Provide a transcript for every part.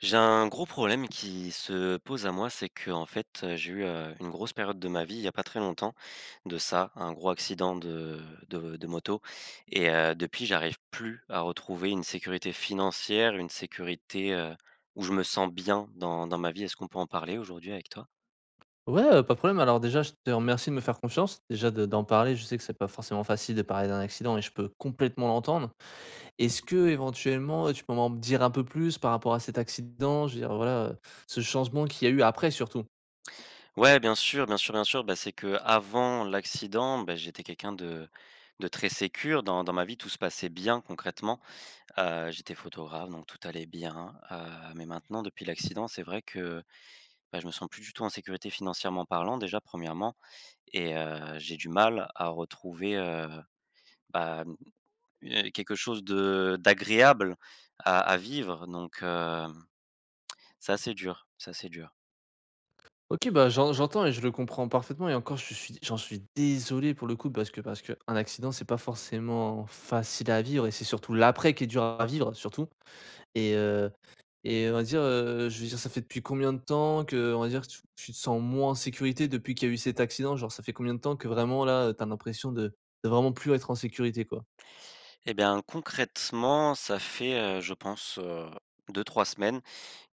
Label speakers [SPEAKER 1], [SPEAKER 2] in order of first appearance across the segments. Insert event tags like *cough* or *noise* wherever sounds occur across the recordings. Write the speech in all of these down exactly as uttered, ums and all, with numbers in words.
[SPEAKER 1] J'ai un gros problème qui se pose à moi, c'est qu'en fait, heu, j'ai eu, heu, une grosse période de ma vie, il y a pas très longtemps de ça, un gros accident de de de moto et heu, depuis j'arrive plus à retrouver une sécurité financière, une sécurité, heu, où je me sens bien dans dans ma vie. Est-ce qu'on peut en parler, aujourd'hui, avec toi?
[SPEAKER 2] Ouais, heu, pas de problème. Alors, déjà, je te remercie de me faire confiance. Déjà, de d'en parler, je sais que c'est pas forcément facile de parler d'un accident et je peux complètement l'entendre. Est-ce qu'éventuellement, heu, tu peux m'en dire un peu plus par rapport à cet accident? Je veux dire, voilà, heu, ce changement qu'il y a eu après, surtout?
[SPEAKER 1] Ouais, bien sûr, bien sûr, bien sûr. Bah, c'est qu'avant l'accident, bah, j'étais quelqu'un de de très sécure. Dans dans ma vie, tout se passait bien concrètement, heu, j'étais photographe donc tout allait bien. Heu mais maintenant, depuis l'accident, c'est vrai que, heu, bah, je me sens plus du tout en sécurité financièrement parlant, déjà, premièrement et heu, j'ai du mal à retrouver, heu, bah, mmh, eh, quelque chose de d'agréable à à vivre, donc heu *smacks lips* ça, c'est dur, ça c'est dur.
[SPEAKER 2] OK, bah, j'en j'entends et je le comprends parfaitement et encore, je suis j'en suis désolé, pour le coup, parce que parce qu'un accident, c'est pas forcément facile à vivre et c'est surtout l'après qui est dur à vivre surtout et heu et heu, on va dire, heu, je veux dire, ça fait depuis combien de temps, que, on va dire, tu tu te sens moins en sécurité, depuis qu'il y a eu cet accident? Genre, ça fait combien de temps que vraiment, là, heu, tu as l'impression de de vraiment plus être en sécurité, quoi?
[SPEAKER 1] Eh bien, concrètement, ça fait, heu, je pense, heu, deux-trois semaines,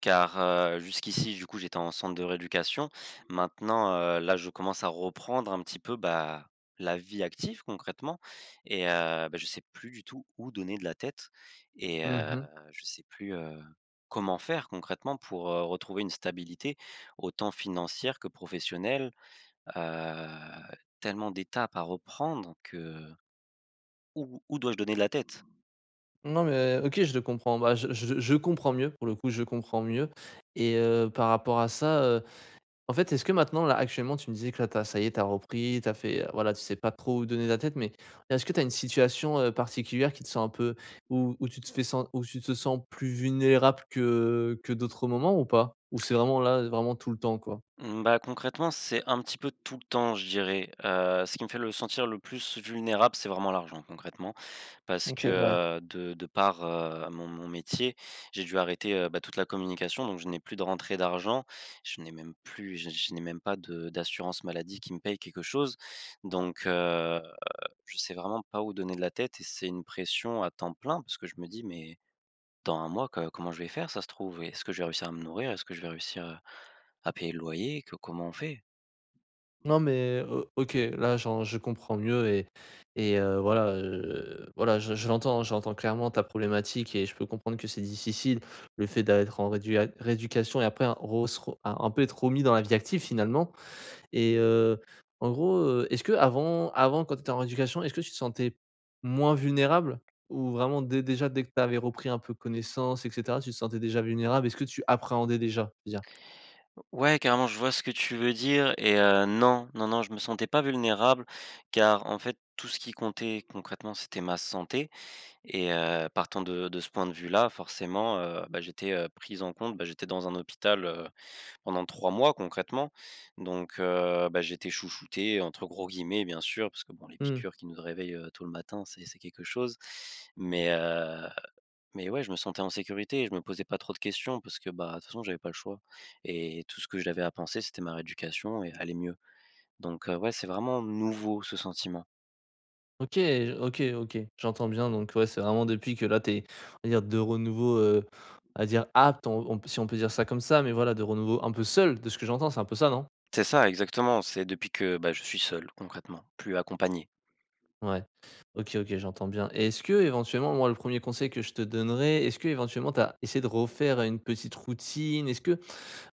[SPEAKER 1] car, heu, jusqu' ici, du coup, j'étais en centre de rééducation. Maintenant, heu, là, je commence à reprendre un petit peu, bah, la vie active, concrètement et heu, bah, je sais plus du tout où donner de la tête et
[SPEAKER 2] Mmh
[SPEAKER 1] heu,
[SPEAKER 2] mh.
[SPEAKER 1] je sais plus, heu, comment faire concrètement pour, heu, retrouver une stabilité, autant financière que professionnelle. Heu, tellement d'étapes à reprendre que, heu, où où dois-je donner de la tête?
[SPEAKER 2] Non mais OK, je le comprends, bah, je je je comprends mieux, pour le coup, je comprends mieux et heu, par rapport à ça, heu, en fait, est-ce que maintenant, là, actuellement tu me disais que là, tu as ça y est, tu as repris. Tu as fait, heu, voilà, tu sais pas trop où donner de la tête mais est-ce que tu as une situation, heu, particulière qui te sens un peu où où tu te fais sen où tu te sens plus vulnérable que que d'autres moments ou pas? Ou c'est vraiment là, vraiment tout le temps, quoi?
[SPEAKER 1] Mmh, bah, concrètement, c'est un petit peu tout le temps, je dirais. Heu, ce qui me fait le sentir le plus vulnérable, c'est vraiment l'argent, concrètement parce que,
[SPEAKER 2] OK, ouais.
[SPEAKER 1] heu, de de par heu, mon mon métier, j'ai dû arrêter, heu, bah, toute la communication donc je n'ai plus de rentrées d'argent. Je n'ai même plus je je n'ai même pas de d'assurance maladie qui me paye quelque chose. Donc heu, je sais vraiment pas où donner de la tête et c'est une pression à temps plein parce que je me dis: «Mais dans un mois, co comment je vais faire? Ça se trouve, est-ce que je vais réussir à me nourrir? Est-ce que je vais réussir, heu, à payer le loyer? Que comment on fait?».
[SPEAKER 2] Non mais O OK. Là, j'en je comprends mieux et et heu, voilà, heu, voilà, je je l'entends j'entends clairement ta problématique et je peux comprendre que c'est difficile, le fait d'a être en réduia rééducation et après, ro se ro un un peu être remis dans la vie active, finalement et heu, en gros, heu, est-ce qu'avant avant, quand tu étais en rééducation, est-ce que tu te sentais moins vulnérable? Ou vraiment dé déjà, dès que tu avais repris un peu connaissance et cetera, tu te sentais déjà vulnérable? Est-ce que tu appréhendais déjà, je veux dire?
[SPEAKER 1] O Ouais, carrément, je vois ce que tu veux dire et heu, non. Non, non, je me sentais pas vulnérable car en fait, tout ce qui comptait, concrètement, c'était ma santé et heu, partant de de ce point de vue-là, forcément, heu, bah, j'étais pris en compte bah, j'étais dans un hôpital, heu, pendant trois mois, concrètement. Donc heu, bah, j'étais «chouchouté», entre gros guillemets, bien sûr, parce que, bon, les
[SPEAKER 2] Mmh.
[SPEAKER 1] piqûres qui nous réveillent, heu, tôt le matin, c'est c'est quelque chose. Mais heu mais ouais, je me sentais en sécurité et je me posais pas trop de questions parce que, bah, de toute façon, j'avais pas le choix et tout ce que j'avais à penser, c'était ma rééducation et aller mieux. Donc heu, ouais, c'est vraiment nouveau ce sentiment.
[SPEAKER 2] OK, j OK, OK, j'entends bien donc ouais, c'est vraiment depuis que là tu es, on va dire de renouveau, heu, à dire apte on on p si on peut dire ça, comme ça mais voilà de renouveau un peu seul de ce que j'entends c'est un peu ça, non?
[SPEAKER 1] C'est ça exactement, c'est depuis que, bah, je suis seul, concrètement, plus accompagné.
[SPEAKER 2] Ouais, OK, OK, j'entends bien et est-ce que éventuellement, moi, le premier conseil que je te donnerai, est-ce que éventuellement tu as essayé de refaire une petite routine? Est-ce que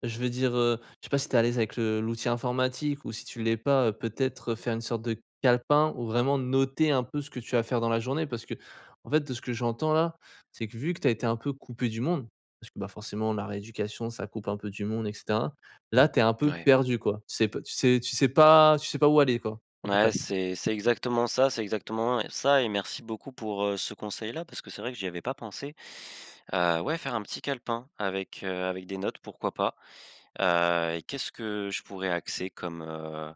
[SPEAKER 2] je veux dire, heu, je sais pas si tu es à l'aise avec le l'outil informatique ou si tu l'es pas, heu, peut-être, heu, faire une sorte de calepin, où vraiment noter un peu ce que tu as à faire dans la journée. Parce qu'en fait de ce que j'entends là, c'est que, vu que tu as été un peu coupé du monde parce que, bah, forcément la rééducation ça coupe un peu du monde et cetera. Là tu es un peu
[SPEAKER 1] Ouais.
[SPEAKER 2] perdu quoi. Tu sais p tu sais tu sais pas tu sais pas où aller, quoi, à peu
[SPEAKER 1] Ouais,
[SPEAKER 2] près.
[SPEAKER 1] c'est c'est exactement ça c'est exactement, heu, ça et merci beaucoup pour, heu, ce conseil-là, parce que c'est vrai que j'y avais pas pensé. Heu, ouais faire un petit calepin avec, heu, avec des notes pourquoi pas, heu et qu'est-ce que je pourrais axer comme, heu,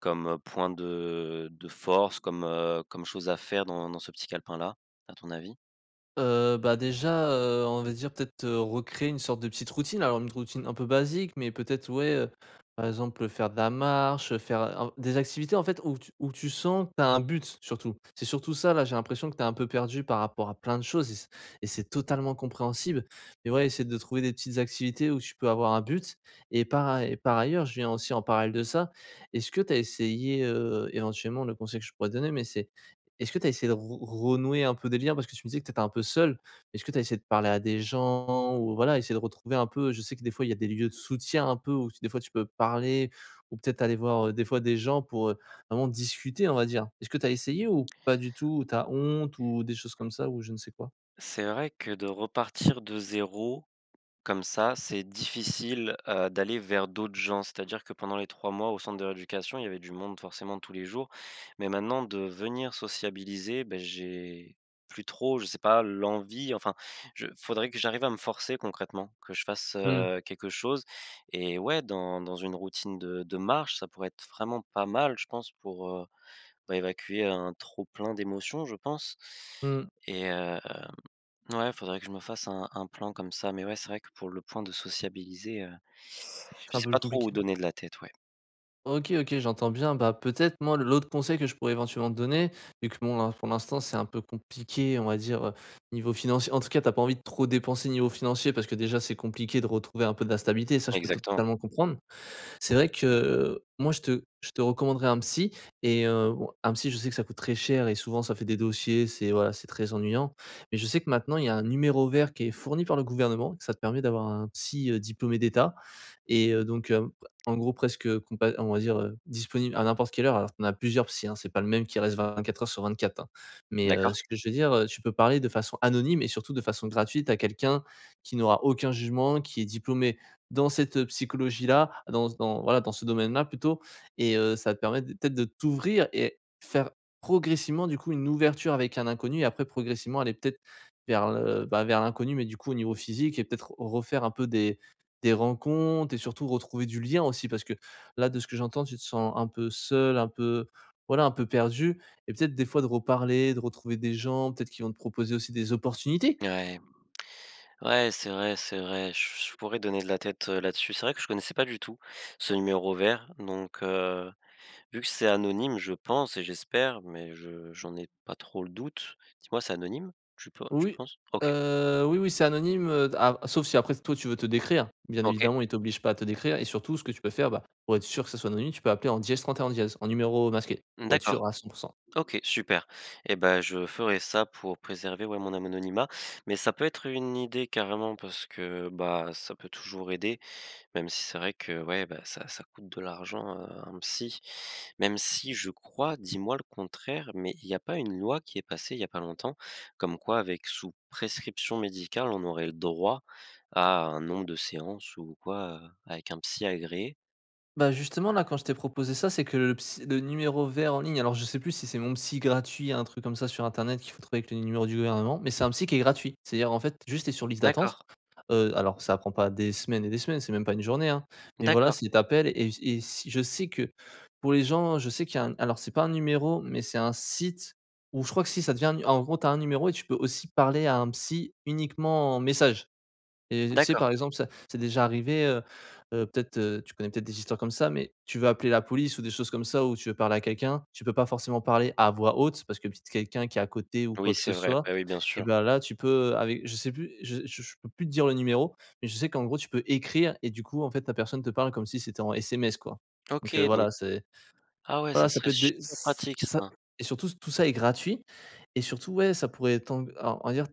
[SPEAKER 1] comme, heu, point de de force, comme, heu, comme chose à faire dans dans ce petit calepin-là, à ton avis?
[SPEAKER 2] Heu, bah déjà, heu, on va dire peut-être, heu, recréer une sorte de petite routine alors une routine un peu basique mais peut-être ouais, heu, par exemple, heu, faire de la marche, heu, en faire, heu, des activités en fait où tu où tu sens que tu as un but, surtout c'est surtout ça là, j'ai l'impression que tu es un peu perdu par rapport à plein de choses et c'est et c'est totalement compréhensible et ouais essayer de trouver des petites activités où tu peux avoir un but et par aill et par ailleurs je viens aussi en parallèle de ça, est-ce que tu as essayé, heu, éventuellement, le conseil que je pourrais te donner, mais c'est est-ce que tu as essayé de re renouer un peu des liens? Parce que tu me disais que tu étais un peu seul. Est-ce que tu as essayé de parler à des gens? Ou voilà essayer de retrouver un peu je sais que des fois il y a des lieux de soutien un peu, ou f des fois tu peux parler ou peut-être aller voir, heu, des fois des gens pour, heu, vraiment discuter on va dire. Est-ce que tu as essayé? Ou pas du tout? Ou tu as honte? Ou des choses comme ça? Ou je ne sais quoi?
[SPEAKER 1] C'est vrai que de repartir de zéro comme ça, c'est difficile, heu, d'aller vers d'autres gens, c'est-à-dire que pendant les trois mois au centre de rééducation, il y avait du monde forcément tous les jours. Mais maintenant de venir sociabiliser, beh, j'ai plus trop, je sais pas, l'envie. Enfin, je faudrait que j'arrive à me forcer concrètement que je fasse,
[SPEAKER 2] Mmh.
[SPEAKER 1] heu, quelque chose et ouais dans dans une routine de de marche ça pourrait être vraiment pas mal je pense pour, heu, bah évacuer un trop plein d'émotions, je pense.
[SPEAKER 2] Mmh.
[SPEAKER 1] Et hem, ouais faudrait que je me fasse un un plan comme ça. Mais ouais c'est vrai que pour le point de sociabiliser, heu,
[SPEAKER 2] C'est
[SPEAKER 1] je
[SPEAKER 2] un
[SPEAKER 1] sais
[SPEAKER 2] peu
[SPEAKER 1] pas trop où
[SPEAKER 2] compliqué.
[SPEAKER 1] donner de la tête, ouais.
[SPEAKER 2] OK, OK, j'entends bien bah, peut-être moi, l'autre conseil que je pourrais éventuellement te donner, vu que bon là, pour l'instant c'est un peu compliqué on va dire niveau financier en tout cas tu as pas envie de trop dépenser niveau financier parce que déjà c'est compliqué de retrouver un peu de la stabilité, ça, je peux
[SPEAKER 1] Exactement.
[SPEAKER 2] totalement comprendre. C'est vrai que moi, je te je te recommanderais un psy et heu, bon, un psy je sais que ça coûte très cher et souvent ça fait des dossiers, c'est voilà, c'est très ennuyant. Mais je sais que maintenant il y a un numéro vert qui est fourni par le gouvernement, que ça te permet d'avoir un psy, heu, diplômé d'état et heu, donc, heu, en gros presque compa on va dire, heu, disponible à n'importe quelle heure. Alors, tu en as plusieurs psys hein, c'est pas le même qui reste vingt-quatre heures sur vingt-quatre hein! Mais, heu,
[SPEAKER 1] D'accord.
[SPEAKER 2] ce que je veux dire, heu, tu peux parler de façon anonyme et surtout, de façon gratuite à quelqu'un qui n'aura aucun jugement, qui est diplômé dans cette psychologie-là, dans ce dans voilà, dans ce domaine-là plutôt. Et heu, ça va te permettre de peut-être, de t'ouvrir et faire progressivement du coup une ouverture avec un inconnu et après progressivement aller peut-être vers le, bah, vers l'inconnu mais du coup au niveau physique et peut-être refaire un peu des des rencontres et surtout retrouver du lien aussi. Parce que là, de ce que j'entends, tu te sens un peu seul, un peu voilà, un peu perdu et peut-être des fois de reparler, de retrouver des gens, peut-être qu'ils vont te proposer aussi des opportunités?
[SPEAKER 1] Mouais. Ouais, c'est vrai, c'est vrai je je pourrais donner de la tête là-dessus. C'est vrai que je connaissais pas du tout ce numéro vert donc, heu, vu que c'est anonyme je pense et j'espère mais je j'en ai pas trop le doute. Dis moi, c'est anonyme? Tu pe tu
[SPEAKER 2] Oui
[SPEAKER 1] penses? OK.
[SPEAKER 2] heu, oui oui, c'est anonyme, heu, ah sauf si après, toi tu veux te décrire. Bien
[SPEAKER 1] OK.
[SPEAKER 2] évidemment, ils t'obligent pas à te décrire et surtout ce que tu peux faire bah, pour être sûr que ça soit anonyme tu peux appeler en dièse trente-et-un dièse en numéro masqué,
[SPEAKER 1] Mmh
[SPEAKER 2] pour être
[SPEAKER 1] d'accord.
[SPEAKER 2] sûr à cent pour cent.
[SPEAKER 1] OK super et bah, je ferai ça pour préserver, ouais, mon anononymat mais ça peut être une idée carrément, parce que bah, ça peut toujours aider. Même si c'est vrai que ouais bah, ça ça coûte de l'argent, heu, un psy, même si je crois, dis-moi le contraire mais il y a pas une loi qui est passée il y a pas longtemps, comme quoi avec sous prescription médicale, on aurait le droit à un nombre de séances ou quoi avec un psy agréé?
[SPEAKER 2] Bah, justement là quand je t'ai proposé ça, c'est que le ps le numéro vert en ligne alors je sais plus si c'est «Mon psy gratuit» un truc comme ça sur Internet qu'il faut trouver avec les numéros du gouvernement mais c'est un psy qui est gratuit. C'est-à-dire en fait juste, tu es sur liste d'attente,
[SPEAKER 1] D'accord.
[SPEAKER 2] heu, alors ça prend pas des semaines et des semaines, c'est même pas une journée hein, mais voilà
[SPEAKER 1] D'accord.
[SPEAKER 2] si tu appelles et s et si je sais que pour les gens je sais qu'il y a un alors c'est pas un numéro mais c'est un site ou je crois que si ça devient un nu en gros tu as un numéro et tu peux aussi parler à un psy uniquement en message. Et tu sais
[SPEAKER 1] D'accord.
[SPEAKER 2] par exemple ça c'est déjà arrivé, heu, heu, peut-être, heu, tu connais peut-être des histoires comme ça mais tu veux appeler la police ou des choses comme ça, ou tu veux parler à quelqu'un, tu peux pas forcément parler à voix haute parce que peut-être quelqu'un qui est à côté ou
[SPEAKER 1] Oui,
[SPEAKER 2] quoi que ce
[SPEAKER 1] c'est vrai.
[SPEAKER 2] soit
[SPEAKER 1] Bah oui, bien
[SPEAKER 2] et
[SPEAKER 1] sûr.
[SPEAKER 2] bah, là, tu peux avec je sais plus je je peux plus te dire le numéro mais je sais qu'en gros tu peux écrire et du coup en fait la personne te parle comme si c'était en SMS quoi.
[SPEAKER 1] OK
[SPEAKER 2] Donc, heu,
[SPEAKER 1] donc
[SPEAKER 2] voilà c'est
[SPEAKER 1] ah ouais ça
[SPEAKER 2] voilà ça
[SPEAKER 1] serait
[SPEAKER 2] peut être des
[SPEAKER 1] super
[SPEAKER 2] ç
[SPEAKER 1] pratique
[SPEAKER 2] ça
[SPEAKER 1] ça!
[SPEAKER 2] et surtout ç tout ça est gratuit et surtout ouais ça pourrait être t'en heu, on va dire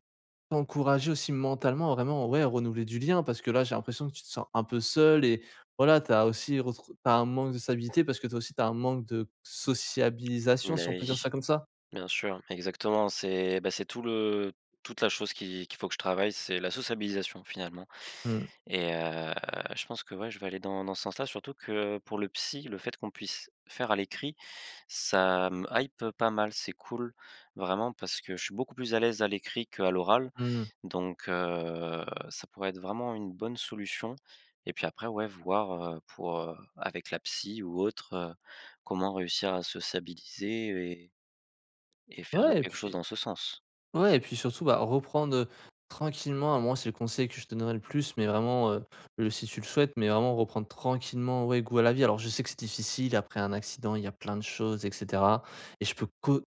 [SPEAKER 2] t'encourager aussi mentalement vraiment, ouais, renouveler du lien parce que là j'ai l'impression que tu te sens un peu seul et voilà tu as aussi retrou tu as un manque de stabilité parce que, toi aussi, tu as un manque de sociabilisation si
[SPEAKER 1] Beh
[SPEAKER 2] on peut dire
[SPEAKER 1] oui.
[SPEAKER 2] ça comme ça?
[SPEAKER 1] Bien sûr exactement c'est bah, c'est tout le toute la chose qu'il qu'il faut que je travaille, c'est la sociabilisation finalement.
[SPEAKER 2] Mmh.
[SPEAKER 1] Et heu, je pense que, ouais, je vais aller dans dans ce sens-là. Surtout que pour le psy le fait qu'on puisse faire à l'écrit ça me hype pas mal, c'est cool vraiment parce que je suis beaucoup plus à l'aise à l'écrit qu'à l'oral
[SPEAKER 2] Mmh.
[SPEAKER 1] donc, heu, ça pourrait être vraiment une bonne solution et puis après, ouais voir, heu, pour, heu, avec la psy ou autre, heu, comment réussir à sociabiliser et et faire
[SPEAKER 2] Ouais et
[SPEAKER 1] quelque chose
[SPEAKER 2] puis
[SPEAKER 1] dans ce sens.
[SPEAKER 2] ouais et puis surtout bah, reprendre, heu, tranquillement à moi, c'est le conseil que je te donnerai le plus mais vraiment, heu, le si tu le souhaites mais vraiment reprendre tranquillement, ouais, goût à la vie. Alors je sais que c'est difficile après un accident, il y a plein de choses et cetera et je peux que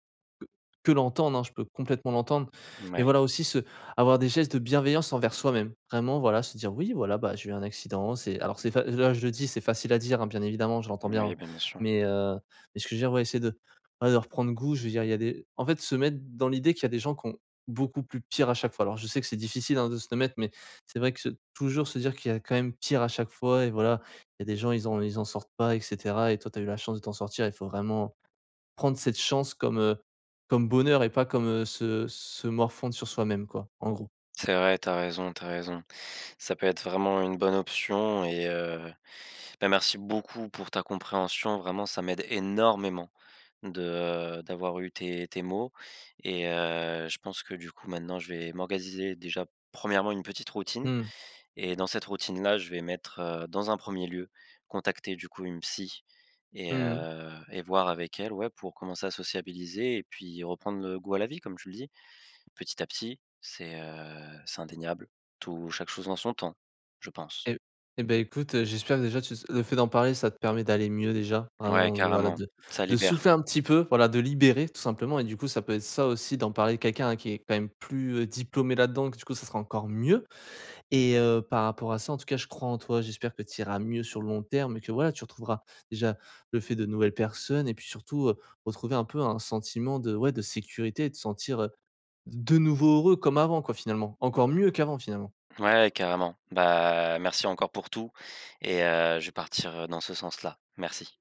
[SPEAKER 2] que que l'entendre hein? Je peux complètement l'entendre.
[SPEAKER 1] Mmh bah
[SPEAKER 2] Mais
[SPEAKER 1] oui.
[SPEAKER 2] voilà aussi se avoir des gestes de bienveillance envers soi-même. Vraiment voilà, se dire: «Oui voilà bah, j'ai eu un accident. C'est» alors c'est fa là, je le dis, c'est facile à dire hein, bien évidemment je l'entends bien
[SPEAKER 1] Moui,
[SPEAKER 2] hein.
[SPEAKER 1] bien bien sûr.
[SPEAKER 2] Mais, heu, mais ce que je veux dire ouais, essaie de, heu, bah, de reprendre goût je veux dire il y a des en fait se mettre dans l'idée qu'il y a des gens qui ont beaucoup plus pire à chaque fois. Alors je sais que c'est difficile hein, de se l'admettre mais c'est vrai que toujours se dire qu'il y a quand même pire à chaque fois et voilà, il y a des gens ils ont ils en sortent pas et cetera et toi, tu as eu la chance de t'en sortir. Il faut vraiment prendre cette chance comme, heu, comme bonheur et pas comme, heu, se se morfondre sur soi-même quoi, en gros.
[SPEAKER 1] C'est vrai, tu as raison, tu as raison. Ça peut être vraiment une bonne option et heu, bah, merci beaucoup pour ta compréhension. Vraiment, ça m'aide énormément de d'avoir eu tes tes mots et heu, je pense que du coup maintenant je vais orgasiser déjà premièrement une petite routine
[SPEAKER 2] Mmh.
[SPEAKER 1] et dans cette routine-là, je vais mettre heu, dans un premier lieu, contacter du coup une psy et
[SPEAKER 2] Mmh mh.
[SPEAKER 1] heu et voir avec elle ouais, pour commencer à sociabiliser et puis reprendre le goût à la vie comme tu le dis. Petit à petit. C'est, heu, c'est indéniable tout chaque chose en son temps. Je pense.
[SPEAKER 2] Et et beh écoute, heu, j'espère déjà tu s le fait d'en parler, ça te permet d'aller mieux déjà.
[SPEAKER 1] Ouais,
[SPEAKER 2] Vraiment voilà
[SPEAKER 1] carrément,
[SPEAKER 2] de
[SPEAKER 1] ça
[SPEAKER 2] de
[SPEAKER 1] libère.
[SPEAKER 2] souffler un petit peu, voilà, de libérer tout simplement et du coup ça, peut être, ça aussi, d'en parler quelqu'un à qui est quand même plus, heu, diplômé là-dedans que du coup ça sera encore mieux. Et heu, par rapport à ça en tout cas, je crois en toi, j'espère que tu iras mieux sur le long terme et que, voilà, tu retrouveras déjà le fait de nouvelles personnes et puis surtout, heu, retrouver un peu un sentiment de ouais, de sécurité et te sentir, heu, de nouveau heureux comme avant quoi, finalement, encore mieux qu'avant finalement.
[SPEAKER 1] Ouais, carrément. Bah, merci encore pour tout et heu, je vais partir, heu, dans ce sens-là. Merci.